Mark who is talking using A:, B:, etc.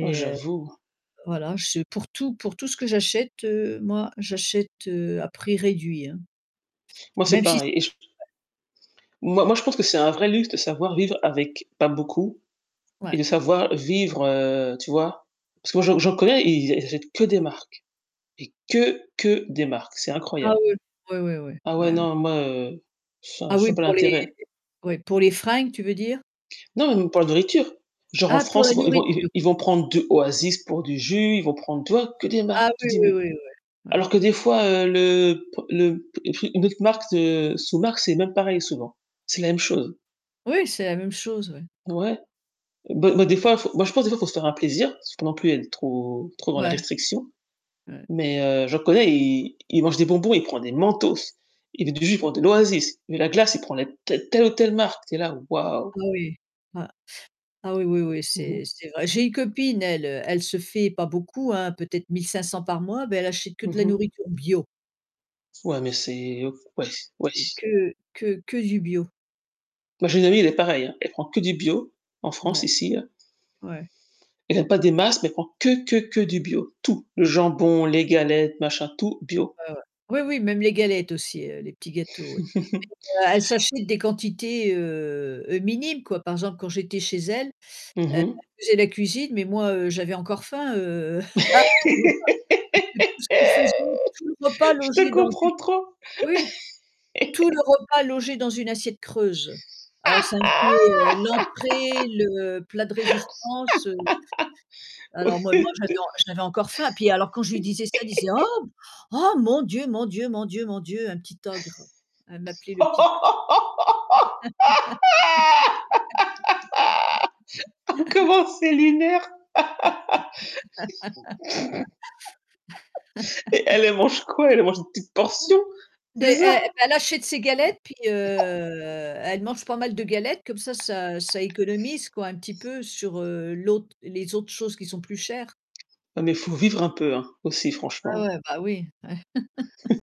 A: Oh,
B: heu,
A: j'avoue.
B: voilà, je suis, pour tout pour tout ce que j'achète, heu, moi, j'achète, heu, à prix réduit, hein.
A: Moi, c'est
B: Même si
A: pareil
B: c'est
A: et je t
B: [unintelligible]
A: Moi moi je pense que c'est un vrai luxe de savoir vivre avec pas beaucoup et
B: Ouais.
A: de savoir vivre heu, tu vois? Parce que moi j'en j'en j'en connais, ils a ils achètent que des marques, et que que des marques, c'est
B: Ah,
A: incroyable.
B: oui. Oui, ouais, ouais.
A: Ah ouais
B: Ouais ouais.
A: non moi, heu, enfin,
B: Ah,
A: je
B: oui,
A: vois pas
B: pour les
A: l'intérêt.
B: oui, pour les fringues tu veux dire?
A: Non même pour de la nourriture, genre en
B: Ah! Pour
A: France
B: la
A: ils vont ils vont
B: nourriture.
A: ils vont prendre de Oasis pour du jus, ils vont prendre, tu vois, que des
B: Ah
A: marques. Tu
B: oui,
A: dis
B: oui,
A: mais,
B: oui, ouais, ouais.
A: alors que des fois, heu, le p le p le une autre marque de sous-marque c'est même pareil souvent, c'est la même chose.
B: Oui, c'est la même chose, oui.
A: Ouais. Beh beh, des fois, faut moi je pense des fois il faut se faire un plaisir, parce que non plus elle est trop trop dans la
B: Ouais.
A: restriction.
B: Ouais.
A: Mais, heu, je reconnais, il il mange des bonbons, il prend des Mentos, il est du jus pour de l'oasis, mais la glace, il prend la te telle ou telle marque, tu es là: «Waouh!»
B: Oh oui, bah ah oui, oui, oui
A: Mmh mh.
B: c'est c'est vrai. J'ai une copine elle, heu, elle se fait pas beaucoup, hein, peut-être 1500 par mois, mais elle achète que de
A: Mmh
B: la
A: mh.
B: nourriture bio.
A: Ouais, mais c'est o wesh, wesh.
B: Que que que du bio.
A: Moi j'ai une amie elle est pareille, hein. Elle prend que du bio en France
B: Ouais.
A: ici, là.
B: Ouais.
A: Elle a pas des masses mais elle prends que que que que du bio, tout, le jambon, les galettes, machin, tout bio.
B: Ouais ouais. Oui, oui, même les galettes aussi, heu, les petits gâteaux, oui. E elle s'achète des quantités, heu heu, minimes quoi. Par exemple, quand j'étais chez elle, heu,
A: Mmh
B: elle
A: mh.
B: faisait la cuisine, mais moi, heu, j'avais encore faim, heu,
A: Je
B: [unintelligible] parce que tout ce qu'elle faisait, tout le repas
A: te
B: logeait dans une
A: comprends trop.
B: oui! Tout le repas logé dans une assiette creuse. Alors ça incluait, heu, l'entrée, le plat de résistance, heu, alors moi moi j'avais en j'avais encore faim puis alors quand je lui disais ça, elle disait: «Oh! Oh! Mon Dieu, mon Dieu, mon Dieu, mon Dieu! Un petit ogre», elle m'appelait le petit
A: Comment c'est lunaire! Et elle, elle mange quoi? Elle mange des petites portions,
B: De
A: c'est
B: e e
A: ça?
B: elle achète ses galettes, puis, heu, elle mange pas mal de galettes, comme ça, ça heu, ça économise, quoi un petit peu sur, heu, l'autre, les autres choses qui sont plus chères.
A: Non. mais faut vivre un peu, hein, aussi
B: Ouais,
A: franchement.
B: ouais. Bah oui, ouais